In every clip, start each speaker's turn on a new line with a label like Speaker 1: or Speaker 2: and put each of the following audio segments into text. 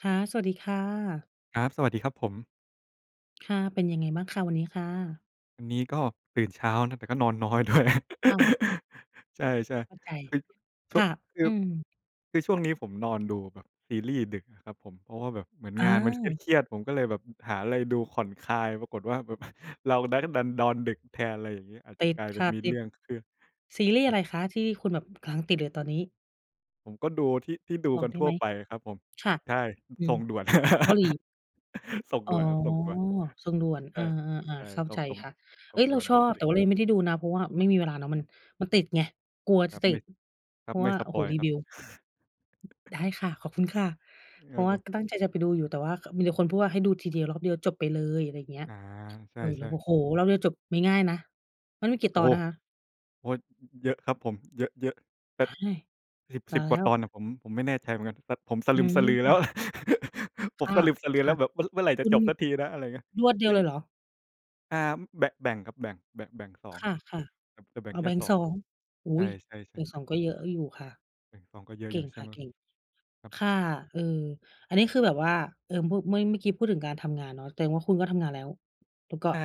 Speaker 1: ค่ะ สวัสดีค่ะ
Speaker 2: ครับ สวัสดีครับผม
Speaker 1: ค่ะ เป็นยังไงบ้างคะ วันนี้ค่ะ?
Speaker 2: วันนี้ก็ตื่นเช้านะ แต่ก็นอนน้อย ด้วย
Speaker 1: อ้าว
Speaker 2: ใช่
Speaker 1: เข้าใจ
Speaker 2: ๆ คือ ช
Speaker 1: ค
Speaker 2: ่ว
Speaker 1: ่
Speaker 2: ง
Speaker 1: ะ
Speaker 2: คื
Speaker 1: อื
Speaker 2: อ
Speaker 1: ม
Speaker 2: คือช่วงนี้ผมนอนดูแบบซีรีส์ดึกอะครับผม เพราะว่าแบบเหมือน
Speaker 1: อ
Speaker 2: งานมันเ
Speaker 1: า
Speaker 2: ครียด ๆ ผมก็เลยแบบหาอะไรดูผ่อนคลาย ปรากฏว่าแบบ เรานั้นดันนอนดึกแทน อะไรอย่างงี้ อาจ
Speaker 1: ต
Speaker 2: จะ
Speaker 1: ิด
Speaker 2: กลายเป
Speaker 1: ค
Speaker 2: ็
Speaker 1: ่
Speaker 2: น
Speaker 1: ะ
Speaker 2: มี
Speaker 1: ต
Speaker 2: เ
Speaker 1: ิ
Speaker 2: รื
Speaker 1: ด
Speaker 2: ่องขึ้น
Speaker 1: ซีรีส์
Speaker 2: อ
Speaker 1: อ
Speaker 2: า
Speaker 1: ะ
Speaker 2: จ
Speaker 1: ไรคะ ที่คุณแบบกำลังติดเลยตอนนี้?
Speaker 2: ผมก็ดูที่ ที่ดู
Speaker 1: บอ
Speaker 2: ก
Speaker 1: ก
Speaker 2: ัน
Speaker 1: ได้
Speaker 2: ทั
Speaker 1: ไ
Speaker 2: ่
Speaker 1: ห
Speaker 2: ว
Speaker 1: ม?
Speaker 2: ไปครับผม
Speaker 1: ค่ะ
Speaker 2: ใช่
Speaker 1: อื
Speaker 2: ส
Speaker 1: อ
Speaker 2: ่งด่วน
Speaker 1: เกาหลี
Speaker 2: ส่ง
Speaker 1: อ๋
Speaker 2: ด
Speaker 1: อ
Speaker 2: ่วนครับ ส่งด่วน
Speaker 1: ส่งด่วน
Speaker 2: ใช
Speaker 1: อา ๆ
Speaker 2: ่
Speaker 1: ๆ เข้า
Speaker 2: ๆ ส่
Speaker 1: ใจ
Speaker 2: ง ส่ง
Speaker 1: ค่ะ
Speaker 2: ส
Speaker 1: เฮ
Speaker 2: ่
Speaker 1: ้
Speaker 2: ง
Speaker 1: ย เ
Speaker 2: ด
Speaker 1: ร
Speaker 2: ่
Speaker 1: า
Speaker 2: วน
Speaker 1: ชอบ แต
Speaker 2: Netflix
Speaker 1: ่ว่าเรายังไม่ได้ดูนะ เพราะว่าไม่มีเวลาเนาะ มั
Speaker 2: ค
Speaker 1: น
Speaker 2: รับ
Speaker 1: มันติดไง กลัว
Speaker 2: ค
Speaker 1: จ
Speaker 2: รั
Speaker 1: ะ
Speaker 2: บ
Speaker 1: ต
Speaker 2: ไม
Speaker 1: ิ
Speaker 2: ่
Speaker 1: ด
Speaker 2: คร
Speaker 1: เ
Speaker 2: ั
Speaker 1: พ
Speaker 2: บ
Speaker 1: ราะ
Speaker 2: ไม
Speaker 1: ว
Speaker 2: ่
Speaker 1: ่า
Speaker 2: ส
Speaker 1: โอ้
Speaker 2: ป
Speaker 1: โฮ
Speaker 2: อยล์
Speaker 1: รี
Speaker 2: ครั
Speaker 1: ว
Speaker 2: บ
Speaker 1: ิว ได้ค่ะ ขอบคุณค่ะ เ
Speaker 2: ค
Speaker 1: พ
Speaker 2: ร
Speaker 1: ร
Speaker 2: ั
Speaker 1: า
Speaker 2: บ
Speaker 1: ะว่
Speaker 2: ผ
Speaker 1: า
Speaker 2: ม
Speaker 1: ก็ตั้งใจจะไปดูอยู่ แต่ว่า ก มีแต่คนพูดว่า ให้ดูทีเดียวรอบเดียวจบไปเลย อะไรอย่างเงี้ย
Speaker 2: อา ใช
Speaker 1: เออ เรา
Speaker 2: ่
Speaker 1: ก็
Speaker 2: ๆ
Speaker 1: โอ้โฮ! รอบเดียวจบไม่ง่ายนะ มันมีกี่
Speaker 2: โอ
Speaker 1: ต
Speaker 2: ้
Speaker 1: อ
Speaker 2: โ
Speaker 1: น
Speaker 2: ฮ!
Speaker 1: นะคะ?
Speaker 2: โอ๊ย เยอะครับผม เยอะ ๆ เป็
Speaker 1: ว
Speaker 2: ด
Speaker 1: ้าย
Speaker 2: สิบ
Speaker 1: ต
Speaker 2: สิ
Speaker 1: า
Speaker 2: บ
Speaker 1: ย
Speaker 2: ก
Speaker 1: แ
Speaker 2: ว
Speaker 1: ล
Speaker 2: ่
Speaker 1: ้
Speaker 2: าต
Speaker 1: ว
Speaker 2: อนอะ ผม ผมไม่แน่ใจเหมือนกัน แบบผมสะ
Speaker 1: อ
Speaker 2: ล
Speaker 1: ื
Speaker 2: ึมสะลือแล้ว
Speaker 1: ม
Speaker 2: อะ ผ
Speaker 1: ค
Speaker 2: ม
Speaker 1: ่ะ
Speaker 2: สะลึมสะลือแล้ว แบบเมื่อ เมื่อไร
Speaker 1: ๆ ค
Speaker 2: จะ
Speaker 1: ุณ
Speaker 2: จบสักทีนะ อะไรเงี้ย
Speaker 1: รวดเดี
Speaker 2: ซ
Speaker 1: ย
Speaker 2: ึ
Speaker 1: ว
Speaker 2: ่ง
Speaker 1: เลยเหรอ?
Speaker 2: อ่า แบะ แบ่งครับ แบ่ง แบะ แบ่ง 2
Speaker 1: ค่ะ
Speaker 2: จะ จะแบ
Speaker 1: ๆ
Speaker 2: ่
Speaker 1: อ
Speaker 2: ง
Speaker 1: ๋อ
Speaker 2: แค
Speaker 1: แบ
Speaker 2: ่
Speaker 1: ่ง
Speaker 2: สอ
Speaker 1: ส
Speaker 2: ง
Speaker 1: อง อ
Speaker 2: ใ
Speaker 1: ุ
Speaker 2: ช
Speaker 1: ๊ย! แบ
Speaker 2: ่ ๆ ๆ
Speaker 1: ่ง 2 ก็เยอะอยู่ค่ะ
Speaker 2: แบ่ง 2 ก็เยอ
Speaker 1: เ
Speaker 2: ะ
Speaker 1: ก
Speaker 2: อย
Speaker 1: ่
Speaker 2: ู่
Speaker 1: ง
Speaker 2: ใช
Speaker 1: ค
Speaker 2: ่
Speaker 1: ่
Speaker 2: ไ
Speaker 1: ะ
Speaker 2: หม?
Speaker 1: เก่ง
Speaker 2: ครับ
Speaker 1: ค่ะ เออ อันนี้คือแบบว่า เอ่อ มุ เมื่อย เมื่อกี้พูดถึงการทำงานเนาะ แตงว่าคุณก็ทำงานแล้ว แล้วก็
Speaker 2: ใช่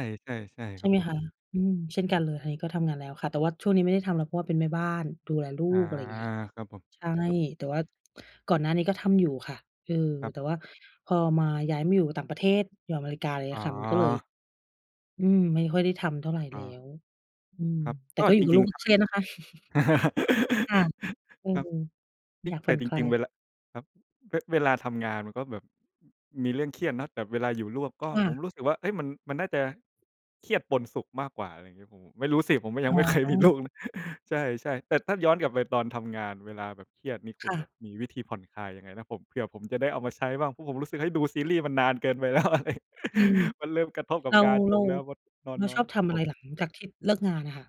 Speaker 2: ๆ
Speaker 1: ใ
Speaker 2: ๆ
Speaker 1: ช
Speaker 2: คร
Speaker 1: ่
Speaker 2: ับ
Speaker 1: ไหม
Speaker 2: ผม
Speaker 1: คะ? อืม เช่นก
Speaker 2: ค
Speaker 1: ั
Speaker 2: ร
Speaker 1: น
Speaker 2: ับ
Speaker 1: เลย ทางนี้ก็ทำงานแล้วค่ะ แต่ว่าช่วงนี้ไม่ได้ทำแล้ว เพราะว่าเป็นแม่บ้าน ดูแลลู
Speaker 2: อา
Speaker 1: ก อะไรเงี้ย
Speaker 2: ครับผม
Speaker 1: ใช่
Speaker 2: ครับ
Speaker 1: แต่ว่าก่อนหน้านี้ก็ทำอยู่ค่ะ เออ
Speaker 2: ครับ
Speaker 1: แต่ว่าพอมา ย้ายมาอยู่ต่างประเทศ อยู่อเมริกา ไรเง
Speaker 2: อ
Speaker 1: ี
Speaker 2: ๋
Speaker 1: ้ย
Speaker 2: อ
Speaker 1: ค่ะ มันก็เลย อืม ไม่ค่อยได้ทำเท่าไร
Speaker 2: อ
Speaker 1: แ
Speaker 2: ้
Speaker 1: ล้
Speaker 2: อ
Speaker 1: ว อืม
Speaker 2: ครับ
Speaker 1: แต่
Speaker 2: ก็
Speaker 1: ก็อย
Speaker 2: จ
Speaker 1: ู่กับ
Speaker 2: ริ
Speaker 1: ลู
Speaker 2: ง
Speaker 1: ก
Speaker 2: ๆ ครั
Speaker 1: เ
Speaker 2: บ
Speaker 1: ครียดนะคะ ค่ะ อื
Speaker 2: ครั
Speaker 1: ม
Speaker 2: บ เฮ
Speaker 1: อ
Speaker 2: ้
Speaker 1: ย
Speaker 2: ย!
Speaker 1: ากผ
Speaker 2: แต
Speaker 1: ่
Speaker 2: ่
Speaker 1: อน
Speaker 2: จ
Speaker 1: คลา
Speaker 2: ริง ๆ เว
Speaker 1: ย
Speaker 2: ลา ครับ เวะ เวลาทำงานมันก็แบบ มีเรื่องเครียดเนาะ แต่เวลาอยู่ลวกก็
Speaker 1: ค่
Speaker 2: ผม
Speaker 1: ะ
Speaker 2: รู้สึกว่า เฮ้ย! มัน มันน่าจะ เครียดปนสุขมากกว่า อะไรงี้ ผม ผม ไม่รู้สิ ผมก็ย
Speaker 1: อ
Speaker 2: ั
Speaker 1: ๋
Speaker 2: ง
Speaker 1: อ
Speaker 2: ไม่ เคยมีลูก ใช่ ๆ แต่ถ้าย้อนกลับไปตอนทำงาน เวลาแบบเครียดนี่ ค
Speaker 1: ค
Speaker 2: ุณ
Speaker 1: ่
Speaker 2: แบ
Speaker 1: ะ
Speaker 2: บมีวิธีผ่อนคลายยังไงนะ? ผม เผื่อผมจะได้เอามาใช้บ้าง เพราะผมรู้สึก เฮ้ย ดูซีรีส์มันนานเกินไป แล้วอะไร
Speaker 1: อืม
Speaker 2: มันเริ่มกระทบก
Speaker 1: เ
Speaker 2: ั
Speaker 1: ร
Speaker 2: บ
Speaker 1: า
Speaker 2: งานผ
Speaker 1: เรา
Speaker 2: มแล้ว มันนอ
Speaker 1: เ
Speaker 2: น
Speaker 1: รา
Speaker 2: น้
Speaker 1: ช
Speaker 2: อ
Speaker 1: อ
Speaker 2: ย
Speaker 1: บท
Speaker 2: ครับ
Speaker 1: ำอะ
Speaker 2: ผ
Speaker 1: ไร
Speaker 2: ม
Speaker 1: หลังจากที่เลิกงานอะค่ะ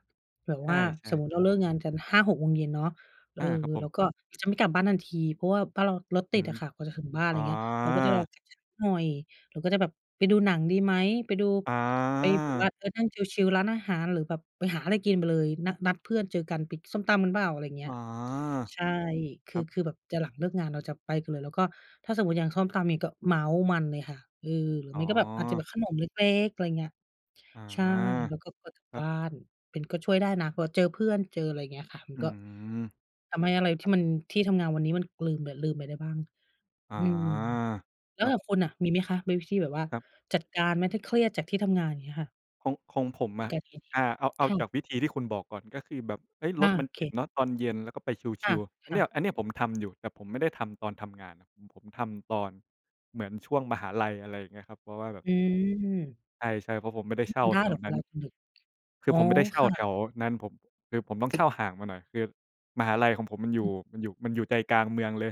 Speaker 1: แบบ
Speaker 2: ใช
Speaker 1: ว่า
Speaker 2: ่
Speaker 1: สมมติเรา
Speaker 2: ๆ ๆ
Speaker 1: เลิกงานกัน 5-6 โมงเย็นเนาะ เอ
Speaker 2: อ
Speaker 1: อ
Speaker 2: า ครับผ
Speaker 1: เรา
Speaker 2: ม
Speaker 1: ก็จะไม่กลับบ้านทันที เพราะว่าบ้านเรารถต
Speaker 2: อ
Speaker 1: ิ
Speaker 2: ื
Speaker 1: ด
Speaker 2: อฮ
Speaker 1: อ
Speaker 2: ึ
Speaker 1: ะค่ะ กว่าจะถึงบ้าน ไร
Speaker 2: อ๋อ
Speaker 1: เงี้ย เราก็จะรออีกสักหน่อย เราก็จะแบบไปดูหนังดีไหม? ไปดู
Speaker 2: อ
Speaker 1: ไปแบบว่า
Speaker 2: า
Speaker 1: เออ นั่งชิล ๆ ร้านอาหาร หรือแบบไปหาอะไรกินไปเลย นะ นัดเพื่อนเจอกันไปกินส้มตำกันเปล่า? อะไรเงี
Speaker 2: อ
Speaker 1: ้
Speaker 2: า
Speaker 1: ย ใช่ ค
Speaker 2: ค
Speaker 1: ื
Speaker 2: ร
Speaker 1: อ
Speaker 2: ับ
Speaker 1: คือแบบจะหลังเลิกงาน เราจะไปกันเลย แล้วก็ถ้าสมมติอย่างส้มตำนี่ก็เมาท์มันเลยค่ะ เออ หรือ
Speaker 2: อ๋
Speaker 1: ไม่
Speaker 2: อ
Speaker 1: ก็แบบอาจจะแบบขนมเล็ก ๆ อะไรเงี้ย
Speaker 2: อา
Speaker 1: ใช่ แล้วก็พอถึง
Speaker 2: ครั
Speaker 1: บ
Speaker 2: บ
Speaker 1: ้าน เป็น ก็ช่วยได้นะว่า เจอเพื่อนเจออะไร เงี้ยค่ะ มั
Speaker 2: อ
Speaker 1: น
Speaker 2: ื
Speaker 1: ก็
Speaker 2: ม
Speaker 1: ทำให้อะไร
Speaker 2: ค
Speaker 1: ท
Speaker 2: ร
Speaker 1: ี
Speaker 2: ั
Speaker 1: ่
Speaker 2: บ
Speaker 1: มัน ที่ทำงานวันนี้มันลืม เลย ลืมไปได้บ้าง
Speaker 2: อา
Speaker 1: อืม แล้
Speaker 2: ค
Speaker 1: ว
Speaker 2: รั
Speaker 1: แต
Speaker 2: บ
Speaker 1: ่คุณน่ะมีไหมคะ? มีวิธีแบบว่า
Speaker 2: ครับ
Speaker 1: จัดการไหม? ถ้าเครียดจากที่ทำงาน อย่างเงี้ยค่ะ?
Speaker 2: ของ ของผม
Speaker 1: แ
Speaker 2: อ
Speaker 1: ล้ว
Speaker 2: ะ
Speaker 1: ก็ทีนี้
Speaker 2: อา เอา เอา
Speaker 1: ค่
Speaker 2: จา
Speaker 1: ะ
Speaker 2: กวิธีที่คุณบอกก่อน ก็คือแบบ เฮ้ย
Speaker 1: อ
Speaker 2: ร
Speaker 1: า
Speaker 2: ถม
Speaker 1: โ
Speaker 2: ัน
Speaker 1: อเ
Speaker 2: ต
Speaker 1: ค
Speaker 2: ิดเนาะตอนเย็น แล้วก็ไปช
Speaker 1: ค่
Speaker 2: ิ
Speaker 1: ะ
Speaker 2: ล ๆ อั
Speaker 1: ค
Speaker 2: นเน
Speaker 1: ่
Speaker 2: ี้ย
Speaker 1: ะ
Speaker 2: อันเนี้ยผมทำอยู่ แต่ผมไม่ได้ทำตอนทำงานนะ อืม ผมทำตอนเหมือนช่วงมหาลัย อะไรอย่างเงี้ยครับ เพราะว่าแบบ
Speaker 1: อือ
Speaker 2: ใช่ ๆ เพราะผมไม่ได้เช
Speaker 1: ท
Speaker 2: ่า
Speaker 1: ำได้
Speaker 2: แถ
Speaker 1: เหร
Speaker 2: ว
Speaker 1: อเ
Speaker 2: น
Speaker 1: ว
Speaker 2: ั้น
Speaker 1: ลาคุณหยุด?
Speaker 2: คื
Speaker 1: อ
Speaker 2: อ
Speaker 1: ๋อ
Speaker 2: ผมไม่ได้เช่
Speaker 1: ค
Speaker 2: า
Speaker 1: ่
Speaker 2: แถ
Speaker 1: ะ
Speaker 2: วนั้น ผม คือผมต้องเช่าห่างมาหน่อย คือมหาลัยของผมมันอย
Speaker 1: อ
Speaker 2: ู่
Speaker 1: ืม
Speaker 2: มันอยู่ มันอยู่ใจกลางเมืองเลย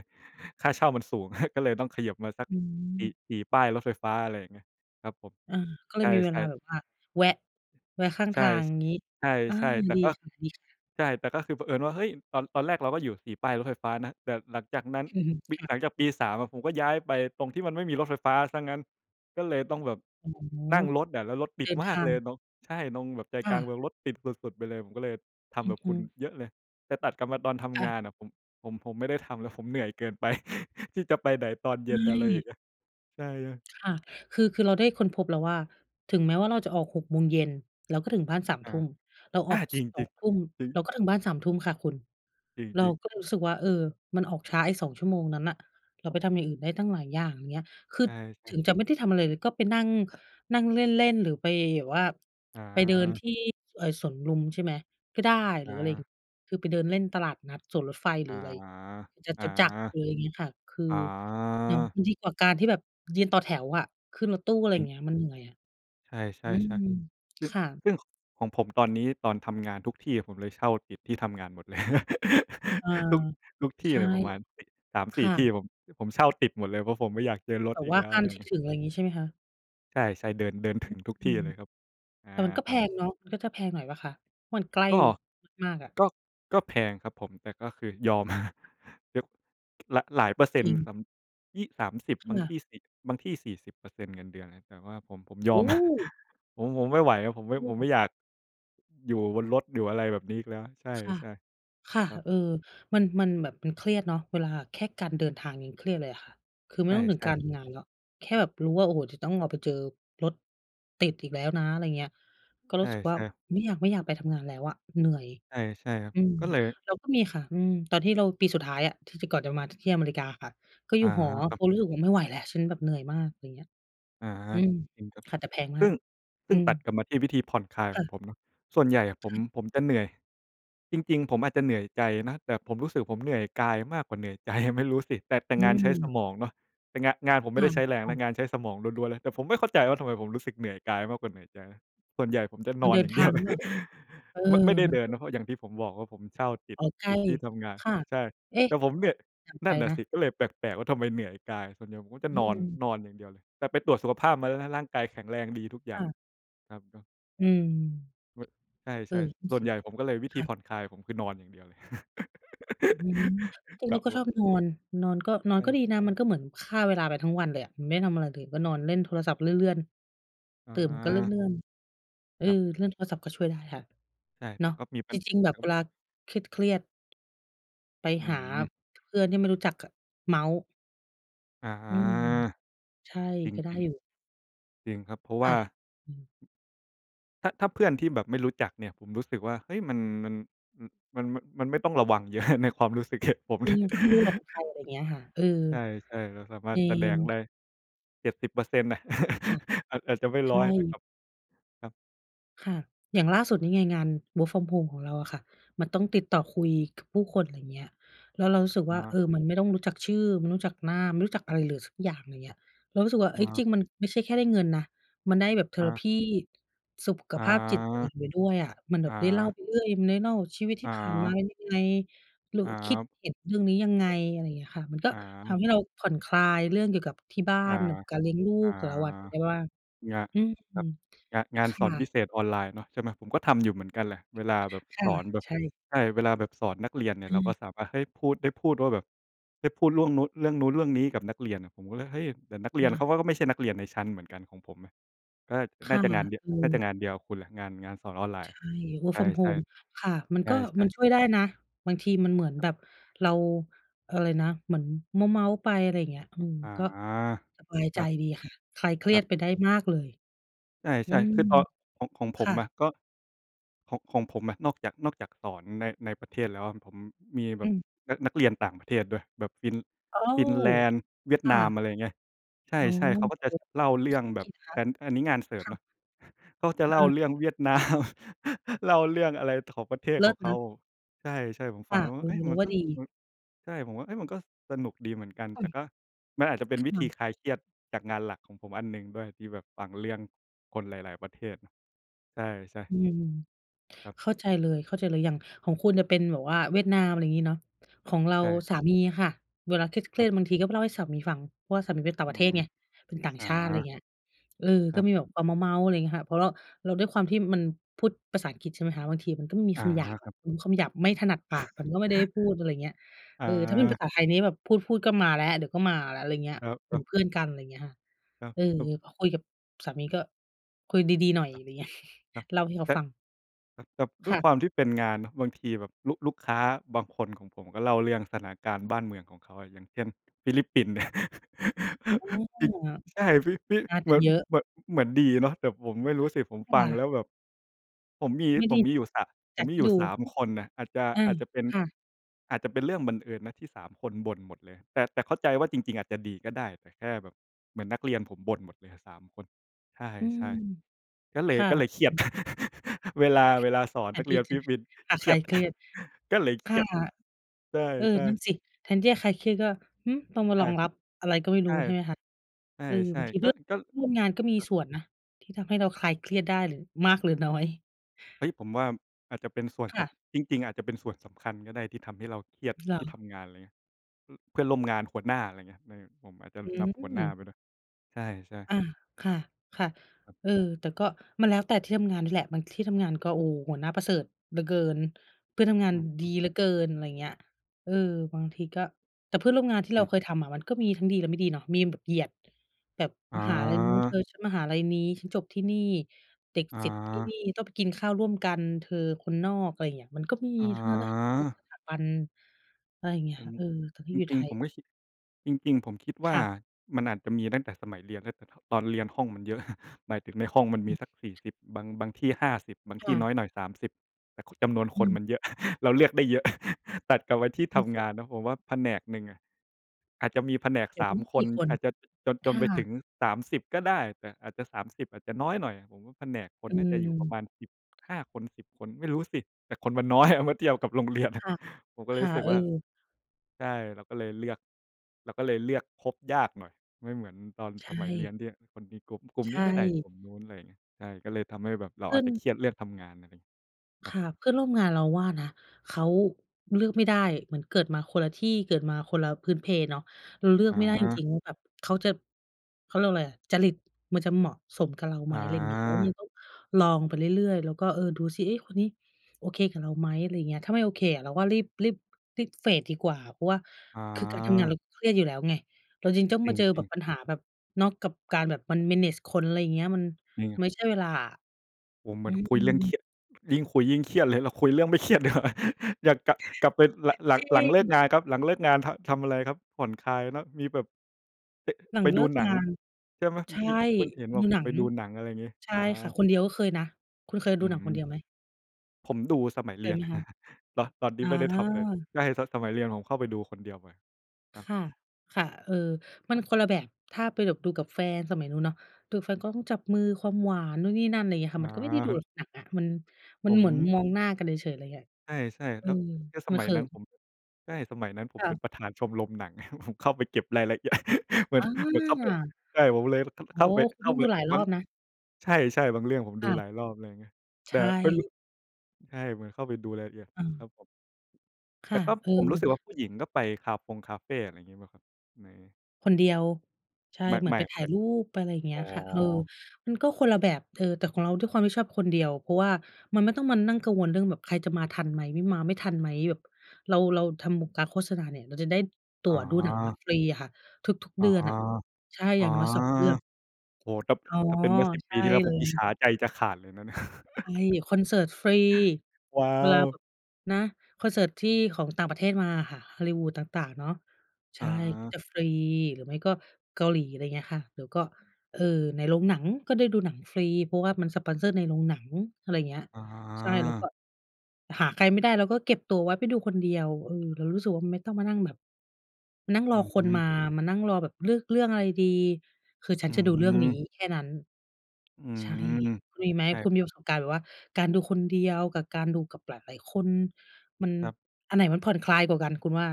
Speaker 2: ค่าเช่ามันสูง ก็เลยต้องเขยิบมาสัก
Speaker 1: อื
Speaker 2: 4-
Speaker 1: อ
Speaker 2: 4 ป้ายรถไฟฟ้า อะไรอย่างเงี้ย ครับผม
Speaker 1: อา ก็เล
Speaker 2: ใ
Speaker 1: ยมีเว
Speaker 2: ช
Speaker 1: ล
Speaker 2: ่
Speaker 1: า
Speaker 2: ๆ
Speaker 1: แบบว่าแวะ แวะข้าง
Speaker 2: ใช
Speaker 1: ท
Speaker 2: ่
Speaker 1: าง
Speaker 2: ช
Speaker 1: อย่างงี้
Speaker 2: ใ
Speaker 1: อา
Speaker 2: ช่ ๆ แต่
Speaker 1: ดี
Speaker 2: ก็
Speaker 1: ค่ะ ๆ
Speaker 2: ใช่ แต่ก็คือเผอิญว่า เฮ้ย! ตอน ตอนแรกเราก็อยู่ 4 ป้ายรถไฟฟ้านะ แต่หลังจากนั้น ปี
Speaker 1: ค่ะ
Speaker 2: หลังจากปี 3 อะ ผมก็ย้ายไปตรงที่มันไม่มีรถไฟฟ้าซะงั้น ก็เลยต้องแบบ
Speaker 1: อ๋อ
Speaker 2: นั่งรถอะ แล้วรถติ
Speaker 1: เด
Speaker 2: ด
Speaker 1: ิน
Speaker 2: ม
Speaker 1: ท
Speaker 2: าก
Speaker 1: า
Speaker 2: เล
Speaker 1: ง
Speaker 2: ยตรง ใช่ ตรงแบบใจ
Speaker 1: ค่
Speaker 2: กลางเ
Speaker 1: ะ
Speaker 2: มือง รถติดสุด ๆ ไปเลย ผมก็เลยท
Speaker 1: อื
Speaker 2: ำแบ
Speaker 1: อ
Speaker 2: บ
Speaker 1: ฮ
Speaker 2: คุ
Speaker 1: ึ
Speaker 2: ณเยอะเลย แต่ตัดกลับมาตอนท
Speaker 1: ค
Speaker 2: ำ
Speaker 1: ่
Speaker 2: งา
Speaker 1: ะ
Speaker 2: นอะ ผม ผม ผมไม่ได้ทำแล้ว ผม เหนื่อยเกินไป ที่จะไปไหนตอนเ
Speaker 1: ใช
Speaker 2: ย็น อะไรอย่า
Speaker 1: ่
Speaker 2: งเงี้ย ใช่
Speaker 1: ค่ะ คือ คือเราได้ค้นพบแล้วว่า ถึงแม้ว่าเราจะออก 18:00 เราก็ถึงบ้าน สาม
Speaker 2: อ
Speaker 1: ท
Speaker 2: า
Speaker 1: ุ่ม เรา
Speaker 2: อ
Speaker 1: ออ
Speaker 2: า
Speaker 1: ก
Speaker 2: จริง
Speaker 1: ส
Speaker 2: ๆ
Speaker 1: องทุ่ม
Speaker 2: จริง
Speaker 1: เราก็ถึงบ้าน 21:00 ค่ะคุณ
Speaker 2: จ
Speaker 1: เร
Speaker 2: ร
Speaker 1: า
Speaker 2: ิง
Speaker 1: ก็เลย
Speaker 2: ๆ
Speaker 1: ร
Speaker 2: เ
Speaker 1: ู
Speaker 2: อ
Speaker 1: ้
Speaker 2: อ
Speaker 1: สึกว่า เออ มันออกช้า ไอ้ 2 ชั่วโมงนั้นน่ะ เราไปทำอย่างอื่นได้ตั้งหลายอย่าง อย่างเงี้ย คือ
Speaker 2: ใช่
Speaker 1: ถึ
Speaker 2: ๆ
Speaker 1: งจะไม่ได้ทำอะไรเลย ก็ไปนั่ง นั่งเล่น ๆ หรือไปแบบว่า
Speaker 2: อ
Speaker 1: ไปเดิน
Speaker 2: า
Speaker 1: ที่ เอ่อ สวนลุม ใช่ไหม? ก็ได้ ห
Speaker 2: อ
Speaker 1: รืออะไรอย่าง
Speaker 2: า
Speaker 1: คือไปเดินเล่นตลาดนัดสวนรถไฟ หร
Speaker 2: อ
Speaker 1: ือ
Speaker 2: า
Speaker 1: อะไร จะ
Speaker 2: อ
Speaker 1: จ
Speaker 2: า
Speaker 1: ะจักร หรือไรอย่างงี้ค่ะ คือ
Speaker 2: อ
Speaker 1: เนาะ
Speaker 2: า
Speaker 1: ดีกว่าการที่แบบยืนต่อแถวอะ ขึ้นรถตู้ อะไร
Speaker 2: จ
Speaker 1: อ
Speaker 2: ริ
Speaker 1: ย่า
Speaker 2: ง
Speaker 1: งเงี้ย มันเหนื่อยอะ
Speaker 2: ใช่
Speaker 1: อืม
Speaker 2: ๆ ๆ ซึ่ง
Speaker 1: ค่ะ
Speaker 2: ซึ่ง ข ของผมตอนนี้ ตอนทำงานทุกที่ ผมเลยเช่าติดที่ทำงานหมด เลย
Speaker 1: อา
Speaker 2: ทุก ทุกที
Speaker 1: ใ
Speaker 2: ่
Speaker 1: ช่
Speaker 2: เลย ประมาณ 4 สาม
Speaker 1: ค
Speaker 2: สี่
Speaker 1: ่
Speaker 2: ที่
Speaker 1: ะ
Speaker 2: ผม ผมเช่าติดหมดเลย เพราะผมไม่อยากเจอร
Speaker 1: แบ
Speaker 2: ถ
Speaker 1: บ
Speaker 2: อี
Speaker 1: ว
Speaker 2: ก
Speaker 1: ่า
Speaker 2: แล้ว
Speaker 1: ห้
Speaker 2: อ
Speaker 1: า
Speaker 2: ะไร
Speaker 1: นา
Speaker 2: อย่
Speaker 1: ท
Speaker 2: า
Speaker 1: ี
Speaker 2: งเงี้ย
Speaker 1: ถึง อะไรอย่างงี้ ใช่ไหมคะ?
Speaker 2: ใช่ ๆ เดิน เดินถ
Speaker 1: อื
Speaker 2: ึ
Speaker 1: ้อ
Speaker 2: งทุก
Speaker 1: ฮ
Speaker 2: ท
Speaker 1: ื
Speaker 2: ี่
Speaker 1: อ
Speaker 2: เลยครับ อา
Speaker 1: แต่มันก็
Speaker 2: ต
Speaker 1: แพ
Speaker 2: อนนี้
Speaker 1: งเนาะ มันก็จะแพงหน่อยเปล่าคะ? เพราะมันใกล้
Speaker 2: ก็
Speaker 1: มาก ๆ อะ
Speaker 2: ก็ ก็แพงครับผม แต่ก็คือยอม ยก หละ หลายเปอร์เซ็
Speaker 1: จ
Speaker 2: น
Speaker 1: ร
Speaker 2: ต
Speaker 1: ิ
Speaker 2: ์ค
Speaker 1: ง
Speaker 2: รัม ยี่ 30
Speaker 1: ค
Speaker 2: บาง
Speaker 1: ่
Speaker 2: ท
Speaker 1: ะ
Speaker 2: ี่สิ บางที่ 40% เงินเดือนนะ แต่ว่าผม ผมย
Speaker 1: โอ
Speaker 2: อม
Speaker 1: ้!
Speaker 2: ผม ผมไม่ไหวครับ ผมไม่
Speaker 1: นี่
Speaker 2: ผ
Speaker 1: แ
Speaker 2: ม
Speaker 1: บ
Speaker 2: ไม
Speaker 1: บ
Speaker 2: ่อยาก อยู่บนรถ อยู่อะไรแบบนี้อีกแล้ว ใช
Speaker 1: ค่ะ
Speaker 2: ่
Speaker 1: ค่ะ
Speaker 2: ๆ ครับ
Speaker 1: เออ มัน มันแบบมันเครียดเนาะ เวลา แค่การเดินทางยังเครียดเลยอะค่ะ คือไ
Speaker 2: ใ
Speaker 1: ม่ต้องถึง
Speaker 2: ช่
Speaker 1: การ
Speaker 2: ๆ
Speaker 1: ทำงานแล้ว แค่แบบรู้ว่า โอ้โฮ จะต้องออกไปเจอรถ ติดอีกแล้วนะ อะไรอย่างเงี้ย ก็
Speaker 2: ใช
Speaker 1: รู้สึกว่า
Speaker 2: ่ ๆ
Speaker 1: ไม่อยาก ไม่อยากไปทำงานแล้วอะ เหนื่อย
Speaker 2: ใช่ ใช่ครับ
Speaker 1: อืม
Speaker 2: ก็เลย
Speaker 1: เราก็มีค่ะ อืม ตอนที่เราปีสุดท้ายอะ ที่จะก่อนจะมาที่อเมริกาค่ะ ก็อ
Speaker 2: อ
Speaker 1: ยู่
Speaker 2: า
Speaker 1: หอ
Speaker 2: ครั
Speaker 1: ก
Speaker 2: บ
Speaker 1: ็รู้สึก โอ้โฮ ไม่ไหวแล้ว ฉันแบบเหนื่อยมาก อะไรอย่างเงี้ย
Speaker 2: อา
Speaker 1: อืม
Speaker 2: จริงครับ
Speaker 1: ค่ะ แต่แพงม
Speaker 2: ซ
Speaker 1: า
Speaker 2: ึ่
Speaker 1: ก
Speaker 2: ง ซ
Speaker 1: อ
Speaker 2: ึ
Speaker 1: ื
Speaker 2: ่งตัด
Speaker 1: ม
Speaker 2: กลับมาที่วิธีผ่อนคลาย
Speaker 1: ค
Speaker 2: ข
Speaker 1: ่
Speaker 2: อง
Speaker 1: ะ
Speaker 2: ผมเนาะ ส่วนใหญ่
Speaker 1: ใ
Speaker 2: ผ
Speaker 1: ช
Speaker 2: ม
Speaker 1: ่
Speaker 2: ผมจะเหนื่อย จริง ๆ ผมอาจจะเหนื่อยใจนะ แต่ผมรู้สึกผมเหนื่อยกายมากกว่าเหนื่อย ใจ ไม่รู้สิ แต่ แต่
Speaker 1: อื
Speaker 2: งานใช้ส
Speaker 1: ม
Speaker 2: มองเนาะ แต่งาน งานผม
Speaker 1: ค
Speaker 2: ไม่ได้ใช้แรง
Speaker 1: ่
Speaker 2: น
Speaker 1: ะ
Speaker 2: ะ
Speaker 1: ๆ
Speaker 2: งานใช้สมองล้วน ๆ เลย แต่ผมไม่เข้าใจว่า ทำไมผมรู้สึกเหนื่อยกายมากกว่าเหนื่อยใจนะ ส่วนใหญ่ผมจะ
Speaker 1: ม
Speaker 2: น
Speaker 1: ัน
Speaker 2: อ
Speaker 1: เ
Speaker 2: น
Speaker 1: ดิ
Speaker 2: อ
Speaker 1: น
Speaker 2: ย่า
Speaker 1: ท
Speaker 2: ง เด
Speaker 1: า
Speaker 2: ียว
Speaker 1: งด้วยแบบ เออ
Speaker 2: ไม่ ไม่ได้
Speaker 1: มัน
Speaker 2: เดิ
Speaker 1: เด
Speaker 2: น
Speaker 1: ิ
Speaker 2: เ
Speaker 1: น
Speaker 2: นาะ เพราะอย่างที่ผมบอกว่า ผมเช่าติด
Speaker 1: อ๋อ ใกล
Speaker 2: ต
Speaker 1: ้
Speaker 2: ิดที่ทำงาน
Speaker 1: ค่ะ
Speaker 2: ใช่
Speaker 1: เอ๊ะ!
Speaker 2: แต่ผมเนี่ย
Speaker 1: อยากไ
Speaker 2: น
Speaker 1: ป
Speaker 2: ั่นน่
Speaker 1: น
Speaker 2: ะส
Speaker 1: ะ
Speaker 2: ิ ก็เลยแปลก ๆ ว่าทำไมเหนื่อยกาย ส่วนใหญ่ผมจะ
Speaker 1: อื
Speaker 2: นอน
Speaker 1: ม
Speaker 2: นอนอย่างเดียวเลย แต่ไปตรวจสุขภาพมาแล้วนะ ร่างกายแข็งแรงดีทุกอย
Speaker 1: ค
Speaker 2: ่า
Speaker 1: ่
Speaker 2: ง
Speaker 1: ะ
Speaker 2: ครับ ก็
Speaker 1: อืม
Speaker 2: อุ๊ย ใ
Speaker 1: เอ
Speaker 2: ช
Speaker 1: อ
Speaker 2: ่
Speaker 1: นั่
Speaker 2: ๆ
Speaker 1: น
Speaker 2: ส่ว
Speaker 1: ส
Speaker 2: นใ
Speaker 1: ิ
Speaker 2: หญ่ผมก็เลย วิ
Speaker 1: ค
Speaker 2: ธี
Speaker 1: ่ะ
Speaker 2: ผ่อนคลายผม คือนอนอย่างเดียวเลย
Speaker 1: อื้อฮือ จริง
Speaker 2: ก
Speaker 1: เร
Speaker 2: ะ
Speaker 1: าก็
Speaker 2: ว
Speaker 1: ช
Speaker 2: ่า
Speaker 1: อบนอน นอนก็ นอนก็
Speaker 2: ครับ
Speaker 1: ดีนะมันก็เหมือนฆ่าเวลาไปทั้งวันเลยอะ ไม่ทำอะไรเลย ก็นอนเล่นโทรศัพท์เลื่อน
Speaker 2: อ
Speaker 1: ๆ ตื่นก็เล
Speaker 2: า
Speaker 1: ื่อน ๆ เออ
Speaker 2: ครับ
Speaker 1: เล่นโทรศัพท์ก็ช่วยได้ค่ะ
Speaker 2: ใช่
Speaker 1: เ
Speaker 2: แ
Speaker 1: น
Speaker 2: ต
Speaker 1: า
Speaker 2: ่
Speaker 1: ะ
Speaker 2: ก็มีปั
Speaker 1: จ
Speaker 2: น
Speaker 1: ริง
Speaker 2: แต
Speaker 1: ๆ แบ
Speaker 2: ่
Speaker 1: บ
Speaker 2: ก็
Speaker 1: เว
Speaker 2: ไม
Speaker 1: ล
Speaker 2: ่
Speaker 1: าเครียด ๆ ไป
Speaker 2: อ
Speaker 1: หา
Speaker 2: ือ
Speaker 1: เพื่อนที่ไม่รู้จักอะ เมาท์
Speaker 2: อา
Speaker 1: อืม ใช่
Speaker 2: จร
Speaker 1: ก็ได้
Speaker 2: ิง ๆ
Speaker 1: อยู่
Speaker 2: จริงครับ เพราะว
Speaker 1: อ
Speaker 2: ่
Speaker 1: า
Speaker 2: า
Speaker 1: อืม
Speaker 2: ถ้า ถ้าเพื่อนที่แบบไม่รู้จักเนี่ย ผมรู้สึกว่า เฮ้ย มัน มัน ม มัน มัน มันไม่ต้องระวัง เยอะ ในความรู้สึก ผม
Speaker 1: เออ
Speaker 2: นะ
Speaker 1: เขาไม่รู้เราเป็นใคร อะไรอย่างเงี้ยค่ะ เออ
Speaker 2: ใช่ ๆ เราสามา
Speaker 1: จ
Speaker 2: รถ
Speaker 1: ริ
Speaker 2: แสด
Speaker 1: ง
Speaker 2: งได้ 70% น่ะ
Speaker 1: ค่ะ
Speaker 2: อาจ อาจจะไม่
Speaker 1: ใช
Speaker 2: 100 แต่ก
Speaker 1: ่
Speaker 2: ับ ครับ
Speaker 1: ค่ะ อย่างล่าสุดนี้ไงงาน work from home ของเราอะค่ะ มันต้องติดต่อคุยกับผู้คน อะไรอย่างเงี้ย แล้วเรารู้สึก
Speaker 2: อ
Speaker 1: ว่า เอ
Speaker 2: า
Speaker 1: อ มันไม่ต้องรู้จักชื่อ ไม่รู้จักหน้า ไม่รู้จักอะไรเลยสักอย่าง อย่างเงี้ย เรารู้สึกว่า เ
Speaker 2: อ
Speaker 1: ฮ้ย
Speaker 2: า
Speaker 1: จริง มันไม่ใช่แค่ได้เงินนะ มันได้แบบเทอ
Speaker 2: อ
Speaker 1: รา
Speaker 2: า
Speaker 1: พีสุข
Speaker 2: อา
Speaker 1: ภาพจิตตัวเองไปด้วยอะ มันแ
Speaker 2: อ
Speaker 1: บบได้เล่า
Speaker 2: า
Speaker 1: ไปเรื่อย มันได้เล่าชีวิตท
Speaker 2: อ
Speaker 1: ี่
Speaker 2: า
Speaker 1: ผ่านมาเป็นยังไง หรือ
Speaker 2: อา
Speaker 1: คิด
Speaker 2: ฟ
Speaker 1: เห็นเรื่องนี้ยังไง อะไรอย่างเงี้ยค่ะ มันก็
Speaker 2: อา
Speaker 1: ทำให้เราผ่อนคลายเรื่องเกี่ยวกับที่บ้า
Speaker 2: อา
Speaker 1: น แบบการเลี้ยงลู
Speaker 2: อ๋อ
Speaker 1: กแต่ละวันไปได้บ้าง
Speaker 2: งาน
Speaker 1: อืม
Speaker 2: ครับ งาน งาน
Speaker 1: ค
Speaker 2: ส
Speaker 1: ่
Speaker 2: อนพ
Speaker 1: ะ
Speaker 2: ิเศษออนไลน์เนาะ ใช่ไหม ผมก็ทำอยู่เหมือนกันแหละ เวลาแบบ
Speaker 1: ค่
Speaker 2: ส
Speaker 1: ะ
Speaker 2: อนแบบ
Speaker 1: ใช่
Speaker 2: ใช่ เวลาแบบสอนนักเรียนเนี่
Speaker 1: อ
Speaker 2: ย เรา
Speaker 1: ื
Speaker 2: ก็
Speaker 1: ม
Speaker 2: สามารถ เฮ้ย พูด ได้พูดว่าแบบได้พูดล่วงนู้น เรื่องนู้นเรื่องนี้กับนักเรียนน่ะ ผมก็เลย เฮ้ย แต่นักเรี
Speaker 1: อ
Speaker 2: ยนเข
Speaker 1: า
Speaker 2: าก็ไม่ใช่นักเรียนในชั้นเหมือนกันของผมน่ะ ก็
Speaker 1: ค
Speaker 2: น่า
Speaker 1: ่ะ
Speaker 2: จะงานเยอะ
Speaker 1: อื
Speaker 2: น่าจะ
Speaker 1: ม
Speaker 2: งานเดียวกับคุณแหละ งาน งานสอนออนไล
Speaker 1: ใ
Speaker 2: น
Speaker 1: ช
Speaker 2: ์
Speaker 1: ่
Speaker 2: ใ
Speaker 1: work
Speaker 2: ช
Speaker 1: from
Speaker 2: ่
Speaker 1: home ค่ะ มัน
Speaker 2: ๆ ใ
Speaker 1: ก็
Speaker 2: ช
Speaker 1: ม
Speaker 2: ่
Speaker 1: ัน
Speaker 2: ๆ
Speaker 1: ช่วยได้นะ บางทีมันเหมือนแบบเรา อะไรนะ เหมือนเมาท์ ๆ ไป อะไรอย่างเงี้ย อืม
Speaker 2: อา
Speaker 1: ก็ สบาย
Speaker 2: ค
Speaker 1: ใจ
Speaker 2: รับ
Speaker 1: ดีค่ะ คลายเคร
Speaker 2: ค
Speaker 1: ี
Speaker 2: ร
Speaker 1: ย
Speaker 2: ั
Speaker 1: ด
Speaker 2: บ
Speaker 1: ไปได้มากเลย
Speaker 2: ใ
Speaker 1: อ
Speaker 2: ช
Speaker 1: ื
Speaker 2: ่
Speaker 1: ม
Speaker 2: ๆ คือตอนของ ของผ
Speaker 1: ค
Speaker 2: ม
Speaker 1: ่
Speaker 2: อ
Speaker 1: ะ
Speaker 2: ะ ก็ ของ ของผมอะนอกจาก นอกจากสอนใน ในประเทศแล้ว ผมมีแบ
Speaker 1: อ
Speaker 2: บ
Speaker 1: ืม
Speaker 2: นัก นักเรียนต่างประเทศด้วย แบบฟิน
Speaker 1: อ้า
Speaker 2: ฟิ
Speaker 1: ว
Speaker 2: นแลนด์ เวียด
Speaker 1: ค่
Speaker 2: นาม
Speaker 1: ะ
Speaker 2: อะไรอย่างเงี้ย ใช
Speaker 1: อ๋อ
Speaker 2: ่ ๆ เขาก็
Speaker 1: โอ
Speaker 2: จ
Speaker 1: ้
Speaker 2: ะ
Speaker 1: โฮ ภ
Speaker 2: เล่าเรื่อ
Speaker 1: าษา
Speaker 2: ง
Speaker 1: อั
Speaker 2: แ
Speaker 1: ง
Speaker 2: บ
Speaker 1: ก
Speaker 2: บ
Speaker 1: ฤษเหรอคะ?
Speaker 2: กัน อันนี้งานเสริ
Speaker 1: ค
Speaker 2: ม
Speaker 1: ่
Speaker 2: น
Speaker 1: ะ
Speaker 2: ะ เขาจะ
Speaker 1: เอ
Speaker 2: เล่า
Speaker 1: อ
Speaker 2: เรื่อง
Speaker 1: ค่
Speaker 2: เ
Speaker 1: ะ
Speaker 2: วียด นาม เล่าเรื่องอะไรของประเทศ
Speaker 1: เล
Speaker 2: ข
Speaker 1: ิ
Speaker 2: อ
Speaker 1: ศ
Speaker 2: งเข
Speaker 1: น
Speaker 2: า
Speaker 1: ะ
Speaker 2: ใช่ ๆ ผม
Speaker 1: ค
Speaker 2: ฟั
Speaker 1: ่
Speaker 2: ง
Speaker 1: ะ
Speaker 2: แล้วก
Speaker 1: เ
Speaker 2: ็
Speaker 1: ออ
Speaker 2: เอ๊ะ
Speaker 1: เร
Speaker 2: ม
Speaker 1: า
Speaker 2: ัน
Speaker 1: ว่
Speaker 2: ก
Speaker 1: า
Speaker 2: ็
Speaker 1: ดี
Speaker 2: มัน ใช่ ผมว่า เฮ้ย มันก็สนุกดีเหมือนกัน
Speaker 1: ค่
Speaker 2: แต่
Speaker 1: ะ
Speaker 2: ก็มันอาจจะเป็น
Speaker 1: ค
Speaker 2: วิ
Speaker 1: ่
Speaker 2: ธี
Speaker 1: ะ
Speaker 2: คลายเครียดจากงานหลักของผมอันหนึ่งด้วย ที่แบบฟังเรื่องคนหลาย ๆ ประเทศ ใช่ ๆ
Speaker 1: อืม
Speaker 2: ครับ
Speaker 1: เข้าใจเลย ๆ อย่างของคุณจะเป็นแบบว่าเวียดนาม อะไรอย่างงี้เนาะ ของเรา
Speaker 2: ใช่
Speaker 1: สามีอะค่ะ เวลาเคร
Speaker 2: ค
Speaker 1: ี
Speaker 2: รับ
Speaker 1: ยด ๆ บางทีก็ไปเล่าให้สามีฟัง เพราะว่าสามีเป็นต่าง
Speaker 2: อ
Speaker 1: ป
Speaker 2: ื
Speaker 1: ระเทศ
Speaker 2: ม
Speaker 1: ไง เป็นต่าง
Speaker 2: อ
Speaker 1: ชาติ อะไรอย่า
Speaker 2: า
Speaker 1: งเงี้ย เออ
Speaker 2: ค
Speaker 1: ก
Speaker 2: ร
Speaker 1: ็
Speaker 2: ับ
Speaker 1: มีแบบความเมาท์ ๆ อะไรอย่างเงี้ยค่ะ เพราะว่า แล้วด้วยความที่มันพูดภาษาอังกฤษ ใช่ไหมคะ บางทีมันก็ไม่มี
Speaker 2: อา
Speaker 1: คำหยาบ
Speaker 2: ค
Speaker 1: อ
Speaker 2: ร
Speaker 1: ะ
Speaker 2: ับ
Speaker 1: มันคำหยาบไม่ถนัดปากมันก็ไม่ได้พูด อะไรอย่างเงี้ย เออ ถ้าเป็นภา
Speaker 2: อา
Speaker 1: ษาไทยนี้แบบพูด ๆ ก็มาแล้ว เดี๋ยวก็มาแล้ว อะไรอย่างเงี้ย
Speaker 2: คร
Speaker 1: เหมื
Speaker 2: ั
Speaker 1: อ
Speaker 2: บ ๆ
Speaker 1: นเพื่อนกัน อะไรอย่างเงี้ยค่ะ
Speaker 2: ครั
Speaker 1: เออ
Speaker 2: บ ๆ
Speaker 1: พอคุยกับสามี ก็ คุยดี ๆ หน่อย
Speaker 2: ครั
Speaker 1: อะ
Speaker 2: บ
Speaker 1: ไรอย่างเงี้ย
Speaker 2: ครับ
Speaker 1: เล่าให้เข
Speaker 2: แ
Speaker 1: า
Speaker 2: ต่
Speaker 1: ฟัง
Speaker 2: ครับ แต่ด
Speaker 1: ค
Speaker 2: ้ว
Speaker 1: ่
Speaker 2: ย
Speaker 1: ะ
Speaker 2: ความที่เป็นงานเนาะ บางทีแบบลูก ลูกค้าบางคนของผมก็เล่าเรื่องสถานการณ์บ้านเมืองของเขา อย่างเช่น ฟิลิปปินส์เนี่ย
Speaker 1: อ
Speaker 2: ปิน
Speaker 1: า
Speaker 2: ใช่ ฟิ ฟิ
Speaker 1: น่า
Speaker 2: เห
Speaker 1: จ
Speaker 2: ม
Speaker 1: ะ
Speaker 2: ือน
Speaker 1: เยอะ
Speaker 2: เหมือน เหมือนดีเนาะ แต่ผมไม่รู้สิ ผม
Speaker 1: ค
Speaker 2: ฟั
Speaker 1: ่
Speaker 2: งแ
Speaker 1: ะ
Speaker 2: ล้วแบบ ผมมี
Speaker 1: ไม่
Speaker 2: ผ
Speaker 1: ได้
Speaker 2: มมีอยู่ 3 ผ
Speaker 1: จ
Speaker 2: ม
Speaker 1: าก
Speaker 2: ม
Speaker 1: ท
Speaker 2: ี
Speaker 1: ี
Speaker 2: อ
Speaker 1: ่
Speaker 2: ยู่
Speaker 1: ดู
Speaker 2: 3 คนนะ อาจจะ
Speaker 1: เออ
Speaker 2: อาจจะเป็น
Speaker 1: ค่ะ
Speaker 2: อาจจะเป็นเรื่องบังเอิญนะ ที่ 3 คนบ่นหมดเลย แต่ แต่เข้าใจว่าจริง ๆ อาจจะดีก็ได้ แต่แค่แบบเหมือนนักเรียนผมบ่นหมดเลยอะ 3 คน ใ
Speaker 1: อื
Speaker 2: ช
Speaker 1: ม
Speaker 2: ่ ๆ ก็เล
Speaker 1: ค
Speaker 2: ย
Speaker 1: ่ะ
Speaker 2: ก็เลย
Speaker 1: อ
Speaker 2: เ
Speaker 1: ื
Speaker 2: ค
Speaker 1: อ
Speaker 2: รี
Speaker 1: ฮ
Speaker 2: ยด
Speaker 1: ึ
Speaker 2: เวลา เวลาสอน
Speaker 1: แท
Speaker 2: นั
Speaker 1: น
Speaker 2: กเ
Speaker 1: ท
Speaker 2: รี
Speaker 1: ี่
Speaker 2: ยน
Speaker 1: จ
Speaker 2: ฟิ
Speaker 1: ะ
Speaker 2: ลิปปินส์
Speaker 1: อะ
Speaker 2: เคร
Speaker 1: ค
Speaker 2: ี
Speaker 1: ล
Speaker 2: ย
Speaker 1: า
Speaker 2: ด
Speaker 1: ยเครียด
Speaker 2: ก็เลยเค
Speaker 1: ค
Speaker 2: รี
Speaker 1: ่ะ
Speaker 2: ยด ใ
Speaker 1: เออ
Speaker 2: ช่
Speaker 1: นั่น
Speaker 2: ๆ
Speaker 1: สิ แทนที่จะคลายเครียด ก็ ฮึ ต้องม
Speaker 2: ใ
Speaker 1: า
Speaker 2: ช่
Speaker 1: รองรับอะไรก็ไม่
Speaker 2: ใช
Speaker 1: ร
Speaker 2: ่
Speaker 1: ู้ ใช่ไหมคะ เออ
Speaker 2: ใช
Speaker 1: บ
Speaker 2: ่
Speaker 1: างที
Speaker 2: ๆ ก
Speaker 1: เพื
Speaker 2: ็
Speaker 1: ่อน
Speaker 2: ก็
Speaker 1: ร่วมงานก็มี
Speaker 2: ครับ
Speaker 1: ส่วนนะ ที่ทำให้เราคลายเครียดได้หรือ มากหรือน้อย
Speaker 2: เฮ้ย ผมว่าอาจจะเป็นส่วน
Speaker 1: ค
Speaker 2: คร
Speaker 1: ่
Speaker 2: ับ
Speaker 1: ะ
Speaker 2: จริง ๆ อาจจะเป็นส่วนสำคัญก็ได้ ที่ทำให้เราเครียด
Speaker 1: เหร
Speaker 2: ที่
Speaker 1: อ
Speaker 2: ทำงาน อะไรเงี้ย อ เพื่อนร่วมงาน หัวหน้า อะไรเงี้ย เออ ผมอาจจะ
Speaker 1: อื
Speaker 2: นับหัวหน้า
Speaker 1: อ
Speaker 2: ไปด้วย ใช่ ๆ
Speaker 1: อา ค่ะ ค่ะ
Speaker 2: ครับ
Speaker 1: เออ แต่ก็ มันแล้วแต่ที่ทำงานนี่แหละ บางที่ทำงานก็ โอ้โฮ หัวหน้าประเสริฐเหลือเกิน เพื่อนทำงา
Speaker 2: อ
Speaker 1: น
Speaker 2: ือฮ
Speaker 1: ดี
Speaker 2: ึ
Speaker 1: เหลือเกิน อะไรอย่างเงี้ย เออ บางทีก็ แต่เพื่อนร่วมงานที่
Speaker 2: อื
Speaker 1: เรา
Speaker 2: ม
Speaker 1: เคยทำอะ มันก็มีทั้งดีและไม่ดีเนาะ มีแบบเหยียด แบบ
Speaker 2: อ๋
Speaker 1: มหาลัยนู้นเธ
Speaker 2: อ
Speaker 1: อ ฉันมหาลัยนี้ ฉันจบที่นี่ เด็ก
Speaker 2: อ
Speaker 1: ศิษย์ที่น
Speaker 2: า
Speaker 1: ี่ต้องไปกินข้าวร่วมกัน เธอคนนอก อะไรอย่างเงี้ย มันก็มี
Speaker 2: อ๋
Speaker 1: ทั้งนั้นแหละค่ะ ทุก
Speaker 2: อ
Speaker 1: สถาบัน อะไรอย่างเงี้
Speaker 2: อ
Speaker 1: ย
Speaker 2: ืม
Speaker 1: เออ ตอนที
Speaker 2: จ
Speaker 1: ่อยู่
Speaker 2: ริ
Speaker 1: ไท
Speaker 2: ง ๆ ผ
Speaker 1: ย
Speaker 2: มก็คิด จริง ๆ ผมคิดว
Speaker 1: ค
Speaker 2: ่า
Speaker 1: ่ะ
Speaker 2: มันอาจจะมีตั้งแต่สมัยเรียน ตั้งแต่ตอนเรียนห้องมันเยอะ หมายถึงในห้องมัน
Speaker 1: อ
Speaker 2: มี
Speaker 1: ื
Speaker 2: สัก สี่
Speaker 1: ม
Speaker 2: สิบ บาง บางที่ 50 บางท
Speaker 1: ค
Speaker 2: ี
Speaker 1: ่
Speaker 2: ่น้
Speaker 1: ะ
Speaker 2: อยหน่อย 30 แต่คน จำนวน
Speaker 1: อ
Speaker 2: ค
Speaker 1: ื
Speaker 2: นม
Speaker 1: ม
Speaker 2: ันเยอะ เราเลือกได้เยอะ ตัดกลับไปที่
Speaker 1: ใน
Speaker 2: ท
Speaker 1: ที่ส
Speaker 2: ำง
Speaker 1: ุด
Speaker 2: านนะ ผมว่าแผนกหนึ่งอะ อาจจะมีแผนก
Speaker 1: เหลื
Speaker 2: ส
Speaker 1: อ
Speaker 2: าม
Speaker 1: ไม่
Speaker 2: ค
Speaker 1: กี
Speaker 2: น
Speaker 1: ่คน
Speaker 2: อาจจะจน จ
Speaker 1: ค
Speaker 2: น
Speaker 1: ่
Speaker 2: ไปถึ
Speaker 1: ะ
Speaker 2: ง 30 ก็ได้ แต่อาจจะ 30 อาจจะน้อยหน่อย ผมว่าแผนกคน
Speaker 1: อื
Speaker 2: น่าจะอยู่ประ
Speaker 1: ม
Speaker 2: มาณ 15 คน 10 คน ไม่รู้สิ แต่คนมันน้อยเมื่อเทียบกับโรงเรียน
Speaker 1: ค่ะ
Speaker 2: ผมก็เล
Speaker 1: ค
Speaker 2: ย
Speaker 1: ่
Speaker 2: รู
Speaker 1: ะ
Speaker 2: ้สึก
Speaker 1: เอ
Speaker 2: ว่า
Speaker 1: อ
Speaker 2: ใช่ เราก็เลยเลือก เราก็เลยเลือกพบยากหน่อย ไม่เหมือนตอน
Speaker 1: ใช
Speaker 2: สมัยเรีย
Speaker 1: ่
Speaker 2: นที่คนเป็นกลุ่ม กลุ่ม
Speaker 1: ใ
Speaker 2: น
Speaker 1: ช
Speaker 2: ี้ไม่ได้ ก
Speaker 1: ่
Speaker 2: ลุ่มนู้น อะไรอย่างเนี้ย ใช่ ก็เลยทำให้แบบเรา
Speaker 1: ข
Speaker 2: อ
Speaker 1: ึ
Speaker 2: า
Speaker 1: ้
Speaker 2: จจะเ
Speaker 1: น
Speaker 2: ครียดเลือกทำงาน อะไรงี้ ค
Speaker 1: ค
Speaker 2: รับ
Speaker 1: ่ะ เพื่อนร่วมงานเราว่านะ เขาเลือกไม่ได้ เหมือนเกิดมาคนละที่ เกิดมาคนละพื้นเพเนาะ เราเลือก
Speaker 2: อ
Speaker 1: ไม่ได้จ
Speaker 2: า
Speaker 1: ริง ๆ ว่าแบบเขาจะ เขาเรียกว่าอะไรอะ จริตมันจะเหมาะสมกับเราไหม อะไรอย่างนี้ มั
Speaker 2: อา
Speaker 1: นต้องลองไปเรื่อย ๆ แล้วก็ เออ ดูสิ เอ๊ะ คนนี้โอเคกับเราไหม อะไรอย่างเงี้ย ถ้าไม่โอเคอะ เราว่ารีบ รีบ รีบ เฟด ดีกว่า เพราะว่า คือการทำงาน
Speaker 2: อ
Speaker 1: เร
Speaker 2: า
Speaker 1: าก็เครียดอยู่แล้วไง เราจริง ต้อง
Speaker 2: จร
Speaker 1: มาเจอแ
Speaker 2: ิ
Speaker 1: บ
Speaker 2: ง
Speaker 1: บ
Speaker 2: ๆ
Speaker 1: ปัญหาแบบ เนาะ กับการแบบมัน manage คน อะไรอย่างเงี้ย มัน
Speaker 2: จริงครับ
Speaker 1: ไม่ใช่เวลาอะ
Speaker 2: โอ้โฮ เหมื
Speaker 1: อื
Speaker 2: อนคุยเรื่องเคร
Speaker 1: ม
Speaker 2: ียด ยิ่งคุยยิ่งเครียด เลย เราคุยเรื่องไม่เครียดดีกว่า อย่างกับ กลับไปล่ะ หลั
Speaker 1: จ
Speaker 2: ง
Speaker 1: ริ
Speaker 2: หลังเลิก
Speaker 1: ง
Speaker 2: งานครับ หลังเลิกงาน ท ทำอะไรครับ ผ่อนคลายเนาะ มีแบบ ป
Speaker 1: หลั
Speaker 2: ไป
Speaker 1: งเ
Speaker 2: ด
Speaker 1: ล
Speaker 2: ู
Speaker 1: ิก
Speaker 2: หนั
Speaker 1: ง
Speaker 2: ง
Speaker 1: าน
Speaker 2: ใช่ไหม?
Speaker 1: ใ
Speaker 2: เ
Speaker 1: ช
Speaker 2: มื่
Speaker 1: ่
Speaker 2: อกี้คุณเห็นบ
Speaker 1: ด
Speaker 2: อ
Speaker 1: ู
Speaker 2: ก
Speaker 1: หนั
Speaker 2: ไป
Speaker 1: ง
Speaker 2: ดูหนัง อะไรอย่างงี้
Speaker 1: ใช
Speaker 2: อ
Speaker 1: ่ค่ะ
Speaker 2: า
Speaker 1: คนเดียวก็เคยนะ คุณเคย
Speaker 2: อ
Speaker 1: ดู
Speaker 2: ื
Speaker 1: หนังคนเ
Speaker 2: อ
Speaker 1: ดียวไหม?
Speaker 2: ผมดูสมัย
Speaker 1: เ
Speaker 2: เ
Speaker 1: ค
Speaker 2: รี
Speaker 1: ย
Speaker 2: ย
Speaker 1: ไ
Speaker 2: น
Speaker 1: หมคะ?
Speaker 2: ตอน ตอนนี
Speaker 1: อ
Speaker 2: ้ไ
Speaker 1: า
Speaker 2: ม่ได้ทำเลย ใช่ ส สมัยเรียนผมเข้าไปดูคนเดียวบ่อย ค
Speaker 1: ค
Speaker 2: รับ
Speaker 1: ่ะ ค่ะ เอ่อ มันคนละแบบ ถ้าไปแบบดูกับแฟนสมัยนู้นเนาะ ดูกับแฟนก็ต้องจับมือ ความหวานนู่นนี่นั่น อะไรอย่างเงี้ยค่ะ มันก็ไม่ได้ดู
Speaker 2: อา
Speaker 1: หรอกหนังอะ มัน มัน
Speaker 2: ผ
Speaker 1: เหมือน
Speaker 2: ม
Speaker 1: มองหน้ากันเฉย ๆ อะไรอย่างเงี้ย
Speaker 2: ใช่
Speaker 1: เอ
Speaker 2: ๆ แ
Speaker 1: อ
Speaker 2: ล้ว แล้วส
Speaker 1: มัน
Speaker 2: มั
Speaker 1: เ
Speaker 2: ย
Speaker 1: ขิ
Speaker 2: นั้น
Speaker 1: น
Speaker 2: ผม ใช่ สมัยนั้นผ
Speaker 1: ค
Speaker 2: ม
Speaker 1: ่
Speaker 2: เป็น
Speaker 1: ะ
Speaker 2: ประธานชมรมหนัง ผมเข้าไปเก็บรายละเอียด เหมือ
Speaker 1: อ
Speaker 2: น เหมือนเข้าไป
Speaker 1: า
Speaker 2: ใช่ ผมเลย
Speaker 1: โอ้โฮ
Speaker 2: เข้าไป
Speaker 1: คุ
Speaker 2: เ
Speaker 1: ณ
Speaker 2: ข้
Speaker 1: ต้
Speaker 2: า
Speaker 1: อง
Speaker 2: ไป
Speaker 1: ดูหลาย
Speaker 2: เหม
Speaker 1: ร
Speaker 2: ือ
Speaker 1: อ
Speaker 2: น
Speaker 1: บนะ
Speaker 2: ใช่ ๆ บางเรื่องผม
Speaker 1: ค
Speaker 2: ดู
Speaker 1: ่ะ
Speaker 2: หลายรอบ อะไรอย่างเงี้ย
Speaker 1: ใ
Speaker 2: แต
Speaker 1: ช
Speaker 2: ่ไม่รู
Speaker 1: ่
Speaker 2: ้ ใช่ เหมือนเข้าไปดูรายละเอียด
Speaker 1: เอ
Speaker 2: ครั
Speaker 1: อ
Speaker 2: บผม
Speaker 1: ค
Speaker 2: แต
Speaker 1: ่
Speaker 2: ่
Speaker 1: ะ
Speaker 2: ก็
Speaker 1: เออ
Speaker 2: ผมรู้สึกว่า ผู้หญิงก็ไปคาฟงคาเฟ อะไรอย่างงี้ไหมครับ? ใน
Speaker 1: เดียว ใช่
Speaker 2: ไม่
Speaker 1: เหมือ
Speaker 2: ไม
Speaker 1: น
Speaker 2: ่
Speaker 1: ไปถ
Speaker 2: ค
Speaker 1: ่า
Speaker 2: รั
Speaker 1: ย
Speaker 2: บ
Speaker 1: รูป ไปอะไรอย่างเง
Speaker 2: อ
Speaker 1: ี
Speaker 2: ๋
Speaker 1: ้
Speaker 2: อ
Speaker 1: ยค่ะ เออ มันก็คนละแบบ เออ แต่ของเราด้วยความที่ชอบคนเดียว เพราะว่ามันไม่ต้องมานั่งกังวลเรื่องแบบใครจะมาทันไหม ไม่มา ไม่ทันไหม แบบเรา เราทำวงการโฆษณาเนี่ย เราจะได้ตั
Speaker 2: อ
Speaker 1: ๋
Speaker 2: ๋
Speaker 1: วดูหนังแบบ
Speaker 2: อ
Speaker 1: ฟรีอะค่ะ ทุก ๆ
Speaker 2: อ
Speaker 1: เ
Speaker 2: ๋
Speaker 1: ด
Speaker 2: อ
Speaker 1: ือนน่ะ ใช่
Speaker 2: อ
Speaker 1: อ
Speaker 2: ๋
Speaker 1: ย่
Speaker 2: อ
Speaker 1: างน้อย 2 เรื่อง
Speaker 2: โอ้โฮ ถ้า
Speaker 1: อ๋อ
Speaker 2: ถ้าเป็นเมื่อ 10
Speaker 1: ใช
Speaker 2: ปี
Speaker 1: ่
Speaker 2: ที่แล้ว
Speaker 1: เ
Speaker 2: ผ
Speaker 1: ล
Speaker 2: มอิจฉ
Speaker 1: ย
Speaker 2: าใจจะขาดเลยนะเนี่ย
Speaker 1: อะไรอะ คอนเสิร์ตฟรี
Speaker 2: ว้า
Speaker 1: เวลา
Speaker 2: ว!
Speaker 1: แบบนะ คอนเสิร์ตที่ของต่างประเทศมาอะค่ะ Hollywood ต่าง ๆ เนาะ ใช
Speaker 2: อ๋
Speaker 1: ่
Speaker 2: อ
Speaker 1: จะฟรี หรือไม่ก็เกาหลี อะไรอย่างเงี้ยค่ะ หรือก็ เอ่อ ในโรงหนัง ก็ได้ดูหนังฟรี เพราะว่ามันสปอนเซอร์ในโรงหนัง อะไรอย่างเงี้ย
Speaker 2: อ๋
Speaker 1: ใช่ แล้วก็
Speaker 2: อ
Speaker 1: หาใครไม่ได้ เราก็เก็บตั๋วไว้ไปดูคนเดียว เออ เรารู้สึกว่ามันไม่ต้องมานั่งแบบ นั่งร
Speaker 2: อื
Speaker 1: อคนม
Speaker 2: ม
Speaker 1: า มานั่งรอแบบเลือกเรื่องอะไรดี คือฉ
Speaker 2: อ
Speaker 1: ั
Speaker 2: ื
Speaker 1: นจะดูเรื่องนี้
Speaker 2: ม
Speaker 1: แค่นั้น
Speaker 2: อื
Speaker 1: ใช่
Speaker 2: ม
Speaker 1: คุณมีไหม?
Speaker 2: ใช
Speaker 1: คุ
Speaker 2: ่
Speaker 1: ณมีประสบการณ์แบบว่าการดูคนเดียวกับการดูกับหลาย ๆ คน มัน
Speaker 2: ครับ
Speaker 1: อันไหนมันผ่อนคลายกว่ากัน? คุณว่า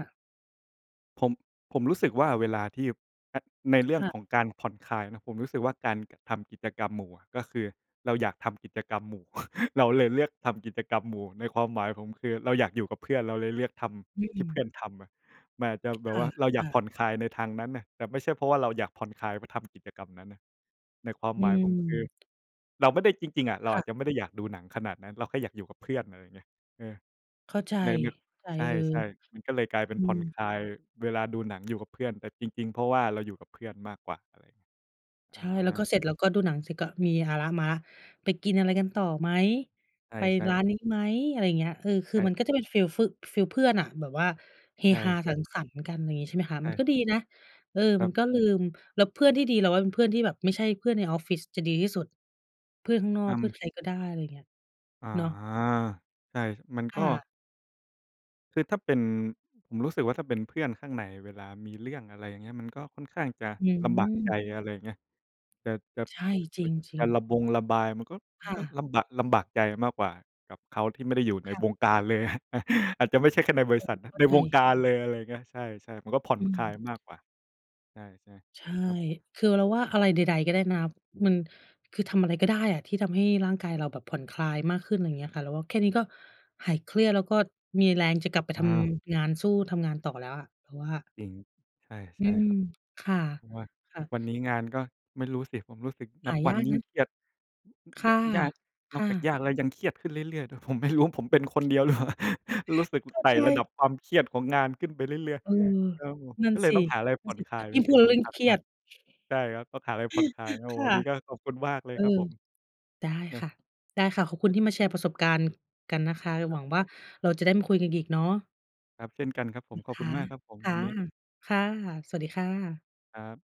Speaker 2: ผม ผมรู้สึกว่าเวลาที่ ถ้า ในเรื่อ
Speaker 1: ค
Speaker 2: ง
Speaker 1: ่
Speaker 2: ข
Speaker 1: ะ
Speaker 2: องการผ่อนคลายเนาะ ผมรู้สึกว่าการ ก ทำกิจกรรมหมู่อะ ก็คือเราอยากทำกิจกรรมหมู่ เราเลยเลือกทำกิจกรรมหมู่ ในความหมายผม คือเราอยากอยู่กับเพื่อน เราเลยเลือกท
Speaker 1: อื
Speaker 2: ำที่เพ
Speaker 1: ม
Speaker 2: ื่อนทำอะ มันอาจจะแบ
Speaker 1: ค
Speaker 2: บว่าเราอยาก
Speaker 1: ่ะ
Speaker 2: ผ
Speaker 1: ๆ
Speaker 2: ่อนคลายในทางนั้นน่ะ แต่ไม่ใช่เพราะว่าเราอยากผ่อนคลายไปทำกิจกรรมนั้นน่ะ ในความ
Speaker 1: อื
Speaker 2: หมายผม คือ
Speaker 1: ม
Speaker 2: เราไม่ได้ จริง ๆ อะ เร
Speaker 1: ค
Speaker 2: า
Speaker 1: ่
Speaker 2: อา
Speaker 1: ะ
Speaker 2: จจะไม่ได้อยากดูหนังขนาดนั้น เราแค่อยากอยู่กับเพื่อน อะไรอย่างเงี้ย เออ
Speaker 1: เข้าใจ
Speaker 2: ใน ใน
Speaker 1: ใจ
Speaker 2: ใ
Speaker 1: เออ
Speaker 2: ช่ ๆ มันก็เลยกลายเป็
Speaker 1: อ
Speaker 2: น
Speaker 1: ื
Speaker 2: ผ่อน
Speaker 1: ม
Speaker 2: คลายเวลาดูหนังอยู่กับเพื่อน แต่จริง ๆ เพราะว่าเราอยู่กับเพื่อนมากกว่า อะไร
Speaker 1: ใ
Speaker 2: อ
Speaker 1: ช่ แล้ว
Speaker 2: า
Speaker 1: ก็เสร็จแล้วก็ดูหนังเสร็จ ก็มีเอาแล้วมาแล้ว ไปกินอะไรกันต่อไหม
Speaker 2: ใ
Speaker 1: ไป
Speaker 2: ช่
Speaker 1: ร้า
Speaker 2: ๆ
Speaker 1: นนี้ไหม อะไรอย่างเงี้ย เออ ค
Speaker 2: ใ
Speaker 1: ื
Speaker 2: ช
Speaker 1: อ
Speaker 2: ่
Speaker 1: มันก็จะเป็นฟีลฟือ ฟีลเพื่อนน่ะ แบบว่าเฮ
Speaker 2: ใช
Speaker 1: ฮาส
Speaker 2: ่
Speaker 1: ั
Speaker 2: ๆ
Speaker 1: งสรรค์กัน อะไรอย่างงี้ ใช่ไหมคะ
Speaker 2: ใช
Speaker 1: มัน
Speaker 2: ่
Speaker 1: ก็ดีนะ เออ
Speaker 2: คร
Speaker 1: ม
Speaker 2: ั
Speaker 1: ั
Speaker 2: บ
Speaker 1: นก็ลืม แล้วเพื่อนที่ดีเราว่าเป็นเพื่อนที่แบบไม่ใช่เพื่อนในออฟฟิศจะดีที่สุด เพื่อนข้างนอ
Speaker 2: อ
Speaker 1: ก เพื่อน
Speaker 2: ำ
Speaker 1: ใครก็ได้ อะไรอย่างเงี้ย
Speaker 2: อา
Speaker 1: เนาะ
Speaker 2: ใช่ มัน
Speaker 1: ค
Speaker 2: ก็
Speaker 1: ่ะ
Speaker 2: คือถ้าเป็น ผมรู้สึกว่า ถ้าเป็นเพื่อนข้างใน เวลามีเรื่อง อะไรอย่างเงี้ย มันก็ค่อนข้างจะ
Speaker 1: อื
Speaker 2: ลำบากใจ
Speaker 1: ม
Speaker 2: อะไรอย่างเงี้ย จะ จะ
Speaker 1: ใช่ จริง จร
Speaker 2: จ
Speaker 1: ิ
Speaker 2: ะ
Speaker 1: ง
Speaker 2: ระบงระบายมันก็ ม
Speaker 1: ค
Speaker 2: ัน
Speaker 1: ่
Speaker 2: ก็
Speaker 1: ะ
Speaker 2: ลำบะ ลำบากใจมากกว่า กับเขาที่ไม่ได้อยู่ใน
Speaker 1: ค่
Speaker 2: ว
Speaker 1: ะ
Speaker 2: งการ เลย อาจจะไม่ใช่แค่ในบร
Speaker 1: อ
Speaker 2: ิ
Speaker 1: ื
Speaker 2: ษั
Speaker 1: ม
Speaker 2: ทนะ
Speaker 1: เข้
Speaker 2: ใ
Speaker 1: า
Speaker 2: น
Speaker 1: ใจ
Speaker 2: วงการเลย อะไรอย่างเงี้ย ใช่ ๆ มันก็ผ่อน
Speaker 1: อื
Speaker 2: ค
Speaker 1: ม
Speaker 2: ลายมากกว่า ใช่
Speaker 1: ใช่
Speaker 2: ๆ ครับผม
Speaker 1: คือเราว่า อะไรใด ๆ ก็ได้นะคะ มัน คือทำอะไรก็ได้อะที่ทำให้ร่างกายเราแบบผ่อนคลายมากขึ้น ไรเงี้ยค่ะ เราว่าแค่นี้ก็ หายเครียด แล้วก็มีแรงจะกลับไปท
Speaker 2: อา
Speaker 1: ำงาน สู้ทำงานต่อแล้วอะเราว่า
Speaker 2: จริง ใช่ ใ
Speaker 1: อื
Speaker 2: ช่
Speaker 1: ม
Speaker 2: ครับ
Speaker 1: ค่ะ
Speaker 2: อย่างว่า
Speaker 1: ค
Speaker 2: ท
Speaker 1: ่
Speaker 2: ุ
Speaker 1: ะ
Speaker 2: กวันนี้งานก็ ไม่รู้สิ ผมรู้สึกน
Speaker 1: ห
Speaker 2: ับ
Speaker 1: า
Speaker 2: ว
Speaker 1: ย
Speaker 2: ัน
Speaker 1: าก
Speaker 2: ยิ่
Speaker 1: น
Speaker 2: ง
Speaker 1: ะ
Speaker 2: เครียด
Speaker 1: ค่ะ
Speaker 2: ยาก น
Speaker 1: ค
Speaker 2: อก
Speaker 1: ่
Speaker 2: จาก
Speaker 1: ะ
Speaker 2: ยากแล้วยังเครียดขึ้นเรื่อย ๆ ด้วย ผม ไม่รู้ ว่าผมเป็นคนเดียวรึเปล่า รู้สึก
Speaker 1: เข้า
Speaker 2: ไต่
Speaker 1: ใจ
Speaker 2: ระดับความเครียดของงานขึ้นไปเรื่อย
Speaker 1: เออ
Speaker 2: ๆ ก็
Speaker 1: นั่
Speaker 2: ก
Speaker 1: น
Speaker 2: ็เล
Speaker 1: ส
Speaker 2: ย
Speaker 1: ิ
Speaker 2: ต้องหาอะไร
Speaker 1: นั
Speaker 2: ผ
Speaker 1: ่
Speaker 2: ่
Speaker 1: น
Speaker 2: อน
Speaker 1: สิ
Speaker 2: คลาย เ
Speaker 1: ย
Speaker 2: ป็
Speaker 1: ิ่
Speaker 2: น
Speaker 1: ง
Speaker 2: ส
Speaker 1: พู
Speaker 2: ิ่ง
Speaker 1: ดแล้
Speaker 2: ส
Speaker 1: วยิ
Speaker 2: ำ
Speaker 1: ่
Speaker 2: ค
Speaker 1: ง
Speaker 2: ัญ
Speaker 1: เครี
Speaker 2: ม
Speaker 1: ย
Speaker 2: าก
Speaker 1: ด
Speaker 2: ใช่ครับ ต้องหาอะไรผ่อนคลายนะ โอ้
Speaker 1: ค
Speaker 2: โฮ
Speaker 1: ่
Speaker 2: วั
Speaker 1: ะ
Speaker 2: นนี้ก็ขอบคุณมากเล
Speaker 1: เ
Speaker 2: ย
Speaker 1: อ
Speaker 2: ครับ
Speaker 1: อ
Speaker 2: ผม
Speaker 1: ได้
Speaker 2: ครั
Speaker 1: ค
Speaker 2: บ
Speaker 1: ่ะ ได้ค่ะ ขอบคุ
Speaker 2: เอ
Speaker 1: ณ
Speaker 2: ๊ะ
Speaker 1: ที่มาแชร์ประสบการณ์กันนะคะ แล้ว
Speaker 2: คร
Speaker 1: ห
Speaker 2: ั
Speaker 1: ว
Speaker 2: บ
Speaker 1: ังว่า เราจะได้มาคุยกันอีกเนาะ
Speaker 2: ครับ เช่นกันครับผ
Speaker 1: อื
Speaker 2: ม
Speaker 1: อ
Speaker 2: ขอบ
Speaker 1: ค
Speaker 2: คุ
Speaker 1: ะ
Speaker 2: ณมากครับผม
Speaker 1: ค่
Speaker 2: ว
Speaker 1: ะ
Speaker 2: ันนี้
Speaker 1: ค่ะ สวัสดีค่ะ
Speaker 2: ครับ